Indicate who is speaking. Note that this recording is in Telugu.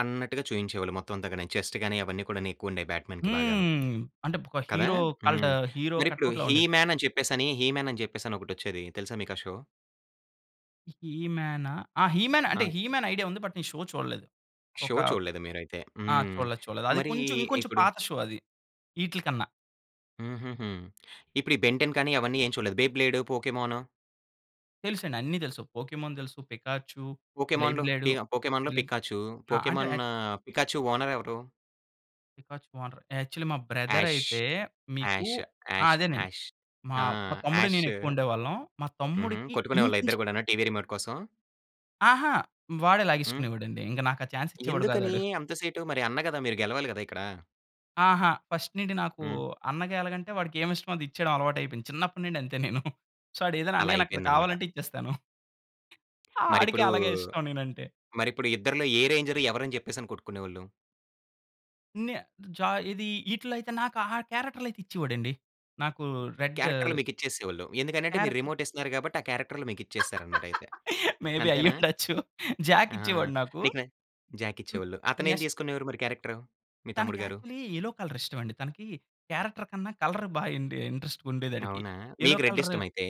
Speaker 1: అన్నట్టుగా చూయించేవాళ్ళు మొత్తం అంత గాని చెస్ట్ గాని అవన్నీ కూడాను ఎక్కువ ఉండేయి బ్యాట్‌మాన్‌కి బాగాను
Speaker 2: హ్మ్. అంటే ఒక
Speaker 1: కదా!
Speaker 2: హీరో కల్ట్
Speaker 1: హ్మ్.
Speaker 2: ఆహ్, హీరో
Speaker 1: మరిప్పుడు
Speaker 2: కటౌట్‌లా
Speaker 1: హీ
Speaker 2: ఉండేది.
Speaker 1: మ్యాన్ అని చెప్పేసని హీ మ్యాన్ అని చెప్పేసని ఒకటి వచ్చేది తెలుసా మీకు ఆ షో?
Speaker 2: హీ మ్యానా? ఆ! హీ‌ మ్యాన్ అంటే
Speaker 1: ఆ!
Speaker 2: హీ మ్యాన్ ఐడియా ఉంది. బట్ నేను షో చూడలేదు.
Speaker 1: షో
Speaker 2: ఒక
Speaker 1: చూడలేదు మీరైతే!
Speaker 2: ఆ!
Speaker 1: హ్మ్.
Speaker 2: చూడలేదు. చూడలేదు. అది
Speaker 1: మరీ
Speaker 2: కొంచెం ఇంకొంచెం
Speaker 1: ఇప్పుడు
Speaker 2: పాత షో అది ఈట్లికన్నా.
Speaker 1: హుహుహు. ఇప్పుడు ఈ బెన్‌టెన్ కానీ అవన్నీ ఏం చూడలేదు. బ్లే బ్లేడ్, పోకీమాన్?
Speaker 2: తెలుసండి. అన్నీ తెలుసు. పోకీమాన్ తెలుసు పికాచ్చు, బ్లే
Speaker 1: పోకీమాన్‌లో
Speaker 2: బ్లేడు
Speaker 1: పీ పోకీమాన్‌లో
Speaker 2: బ్లే
Speaker 1: పికాచ్చు.
Speaker 2: ఆ! అంటే
Speaker 1: పోకీమాన్ పికాచ్చు ఓనర్ ఎవరు?
Speaker 2: పికాచ్చు ఓనర్ యాక్చువలీ మా బ్రదర్
Speaker 1: యాష్
Speaker 2: అయితే మీకు
Speaker 1: యాష్
Speaker 2: ఆ!
Speaker 1: యాష్
Speaker 2: అదేనండి.
Speaker 1: యాష్
Speaker 2: మా,
Speaker 1: ఆ!
Speaker 2: మా తమ్ముడు
Speaker 1: యాష్
Speaker 2: నేను ఎక్కువ ఉండేవాళ్ళం. మా
Speaker 1: హుహు.
Speaker 2: తమ్ముడికి
Speaker 1: కొట్టుకునే
Speaker 2: ఇన్‌
Speaker 1: వాళ్ళ ఇద్దరు గూడాను టీవీ రిమోట్ కోసం?
Speaker 2: ఆహా! వాడే
Speaker 1: హ్మ్.
Speaker 2: లాగేసుకునేవాడండి. ఇంక నాకు ఆ చాన్స్ ఇచ్చేవాడు గాదు
Speaker 1: ఎందుకనీ
Speaker 2: ఆడు.
Speaker 1: అంత సేటు మరి అన్న గదా! మీరు గెలవాలి గదా! ఇక్కడ?
Speaker 2: ఆహా! ఫస్ట్ నుండి నాకూ
Speaker 1: హ్మ్.
Speaker 2: అన్నగా ఎలాగంటే వాడికి ఏమిష్టమో అదిచ్చేయడం అలవాటయిపోయింది. చిన్నప్పటినుండి అంతే నేను. సో ఆడు ఏదన్న
Speaker 1: అలా
Speaker 2: అన్నయ్య నాకు ఇలా
Speaker 1: అయిపోయిందనమాట.
Speaker 2: కావాలంటే ఇచ్చేస్తాను.
Speaker 1: మరి
Speaker 2: ఆడికి
Speaker 1: ఇప్పుడూ
Speaker 2: అలాగే ఇష్టం నేనంటే.
Speaker 1: మరి ఇప్పుడు ఇద్దరిలో ఏ రేంజర్ ఎవరని చెప్పేసని కొట్టుకునేవాళ్ళు?
Speaker 2: ఇన్యా జా ఏది ఈటిల్లో అయితే నాకు ఆ క్యారెక్టర్‌లైతే ఇచ్చేవాడు అండి. నాకూ రెడ్ జా
Speaker 1: క్యారెక్టర్లు మీకిచ్చేసేవోళ్ళు. ఎందుకనంటే మీరు
Speaker 2: క్యారెక్టర్.
Speaker 1: రిమోట్ ఇస్తున్నారు గాబట్టి ఆ క్యారెక్టర్లు మీకు ఇచ్చేసారనమాట అయితే
Speaker 2: మేబీ
Speaker 1: అంతేనా?
Speaker 2: అయ్యుండొచ్చు. జాక్
Speaker 1: ఆ!
Speaker 2: ఇచ్చేవాడు నాకు.
Speaker 1: నీకు న జాక్
Speaker 2: మ్
Speaker 1: ఇచ్చేవాళ్ళు. అతనేం
Speaker 2: నెక్స్ట్
Speaker 1: తీసుకునేవారు మరి క్యారెక్టర్ మీ
Speaker 2: తనకి
Speaker 1: తమ్ముడు గారు?
Speaker 2: యాక్చువలీ యెల్లో కలర్ ఇష్టం అండి. తనకి క్యారెక్టర్ కన్నా కలర్ బా య్ అండీ ఇంట్రెస్ట్‌గా ఉండేది అడికి
Speaker 1: అవునా!
Speaker 2: యెల్లో
Speaker 1: మీకు రెడ్
Speaker 2: కలర్
Speaker 1: ఇష్టమా అయితే?